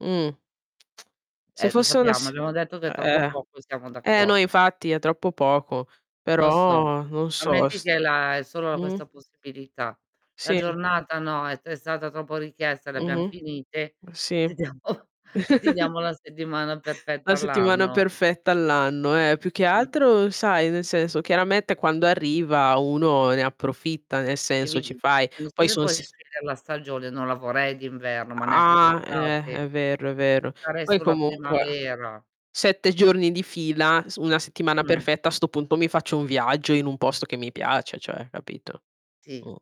Mh. Se Eh, lo fosse una sappiamo s abbiamo detto che è troppo Eh. poco, e siamo Eh no d'accor infatti è troppo poco, Lo so, però non so, ammetti s che è la è solo Mh. questa possibilità. La Sì. giornata no è t stata troppo richiesta le abbiam Mh-mh. finite, Sì. ti diamo ti diamo la settimana La perfetta settimana all'anno. perfetta all'anno, eh, più che Mh. altro sai nel senso chiaramente quando arriva uno ne approfitta, nel E senso, mi ci di fai Non so poi, se son puoi s scegliere la stagione, non la vorrei d'inverno, ma neanche Ah, eh, d'estate. è vero, è vero. Sarei Poi sulla comunque primavera. 7 giorni di fila, su una settimana Mh. perfetta a 'sto punto mi faccio un viaggio in un posto che mi piace cioè, capito. Sì, Mh.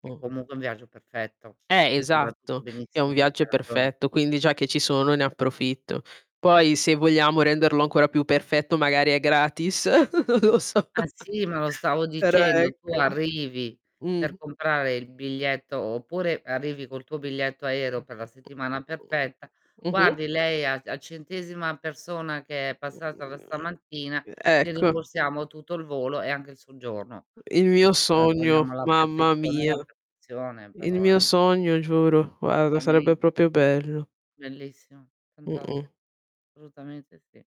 che comunque è un viaggio perfetto Eh, in cui va tutto esatto, è un benissimo, viaggio hai ragione. perfetto, quindi già che ci sono ne approfitto. Poi se vogliamo renderlo ancora più perfetto magari è gratis. Lo so. Ah, sì, ma lo stavo Però dicendo, tu ecco arrivi per Mh. comprare il biglietto, oppure arrivi col tuo biglietto aereo per la settimana perfetta: Mh-mh. "Guardi lei a a centesima persona che è passata da stamattina, gli Ecco. rimborsiamo tutto il volo e anche il soggiorno." Il Eh, mio [unintelligible] sogno, vogliamo la mamma perfezione, mia. la perfezione, Il però, mio eh. sogno giuro, guarda sarebbe [unintelligible] proprio bello. Bellissimo, Mh-mh. fantast assolutamente sì.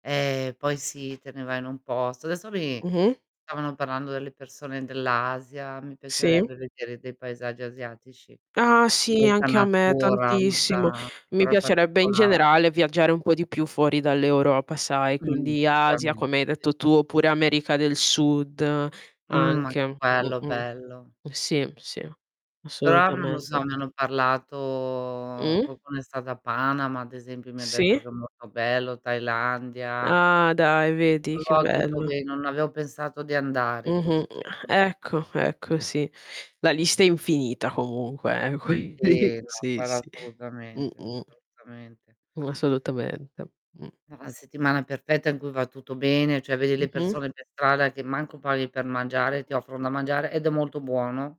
Eh, poi sì te ne vai in un posto. Adesso mi Mh-mh. stavano parlando delle persone dell'Asia, mi Sì. piacerebbe vedere dei paesaggi asiatici. Ah, sì, Molta anche a me natura, tantissimo. molta Mi però piacerebbe in particolare. generale viaggiare un po' di più fuori dall'Europa sai, Mh. quindi Asia [unintelligible] Sì, sì, come hai sì, detto sì. tu, oppure America del Sud Mh. Ma che anche. Mh-mh. [unintelligible] bello. Sì, sì Però, non lo so assolutamente. mi hanno parlato Mh? qualcuno è stato a Panama, ad esempio, mi ha detto Sì? che è molto bello, Thailandia. Ah, dai, vedi che Luoghi bello. dove non avevo pensato di andare così,. Mh-mh. [unintelligible] Ecco, ecco, sì. La lista è infinita comunque, quindi Sì. No, Sì, quello sì. assolutamente, Mh-mh. assolutamente. Assolutamente. Mh. È una settimana perfetta in cui va tutto bene, cioè vedi le Mh-mh. persone per strada che manco parli per mangiare, ti [unintelligible] offrono da mangiare, ed è molto buono.